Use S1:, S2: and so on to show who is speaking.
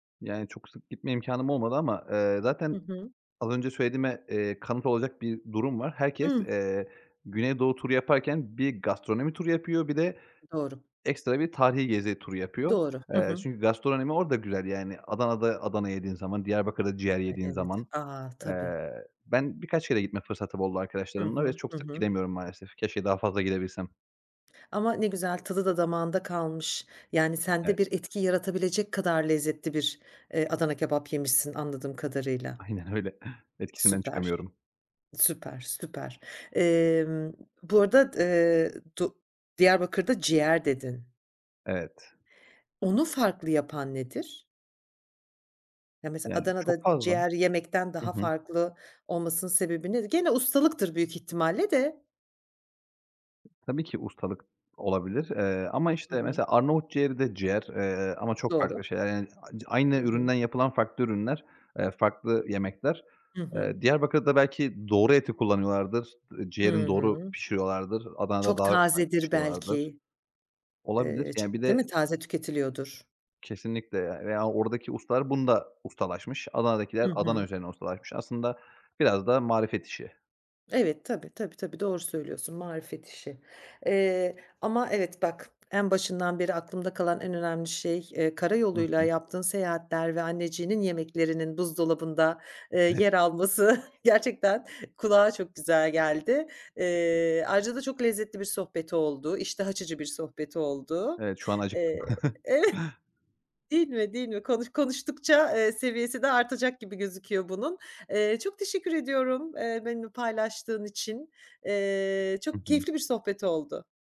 S1: Yani çok sık gitme imkânım olmadı ama, eee, zaten
S2: Hı hı.
S1: az önce söylediğime, eee, kanıt olacak bir durum var.
S2: I
S1: Herkes,
S2: hı.
S1: eee, güneydoğu turu yaparken bir gastronomi turu yapıyor, bir de
S2: Doğru.
S1: ekstra bir tarihî gezi turu yapıyor.
S2: Doğru. Hı
S1: Eee,
S2: hı.
S1: çünkü gastronomi orada güzel, yani. Adana'da Adana kebap yediğin zaman, Diyarbakır'da ciğer
S2: Ay,
S1: yediğin
S2: evet.
S1: zaman.
S2: A! Tabii.
S1: Eee, ben birkaç kere gitme fırsatım oldu
S2: Hı
S1: arkadaşlarımla ve
S2: hı.
S1: çok
S2: Hı
S1: sık
S2: hı.
S1: gidemiyorum maalesef. Keşke daha fazla gidebilsem.
S2: Ama ne güzel, tadı da damağında kalmış. Yani
S1: Evet.
S2: sende bir etki yaratabilecek kadar lezzetli bir, eee, Adana kebap yemişsin, anladığım kadarıyla.
S1: Aynen öyle. Etkisinden
S2: Süper.
S1: çıkamıyorum.
S2: Süper, süper. Emm, bu arada d eee, do Diyarbakır'da ciğer dedin.
S1: Evet.
S2: Onu farklı yapan nedir? Ya, mesela,
S1: Yani, çok
S2: Adana'da
S1: fazla
S2: ciğer yemekten
S1: Hı
S2: daha
S1: hı.
S2: farklı olmasının sebebi nedir? Gene, ustalıktır büyük ihtimalle de.
S1: Tabii ki ustalık olabilir, eee, ama,
S2: Hı
S1: işte,
S2: hı.
S1: mesela Arnavut ciğeri de ciğer, eee, ama çok farklı
S2: Doğru.
S1: şeyler, yani, [unintelligible] aynı
S2: Hı hı.
S1: üründen yapılan farklı ürünler, eee, farklı yemekler.
S2: Hı hı.
S1: Eee, Diyarbakır'da belki doğru eti kullanıyorlardır, ııı,
S2: Hı
S1: ciğerini doğru
S2: hı.
S1: pişiriyorlardır, Adana'da
S2: Çok
S1: daha farklı
S2: tazedir
S1: pişiriyorlardır.
S2: belki.
S1: Olabilir,
S2: Eee,
S1: yani, bir
S2: çok değil
S1: de
S2: mi? Taze tüketiliyordur.
S1: Kesinlikle, eee, veya oradaki ustalar bunda ustalaşmış, Adana'dakiler
S2: Hı
S1: Adana
S2: hı.
S1: üzerine ustalaşmış. Aslında biraz da marifet işi.
S2: Evet. Tabii, tabii tabii. Doğru söylüyorsun, marifet işi, eee, ama, evet, bak en başından beri aklımda kalan en önemli şey, eee, kara
S1: Hı
S2: yoluyla
S1: hı.
S2: yaptığın seyahatler ve anneciğinin yemeklerinin buzdolabında, eee,
S1: [unintelligible]
S2: yer alması gerçekten kulağa çok güzel geldi. Eee, ayrıca da çok lezzetli bir sohbet oldu. İştah açıcı bir sohbet oldu.
S1: Evet, şu an acıktım.
S2: Eee, değil mi, değil mi? Konuş konuştukça, eee, seviyesi de artacak gibi gözüküyor bunun. Eee, çok teşekkür ediyorum, eee, benimle paylaştığın için. Eee,
S1: Hı
S2: çok
S1: hı.
S2: keyifli bir sohbet oldu.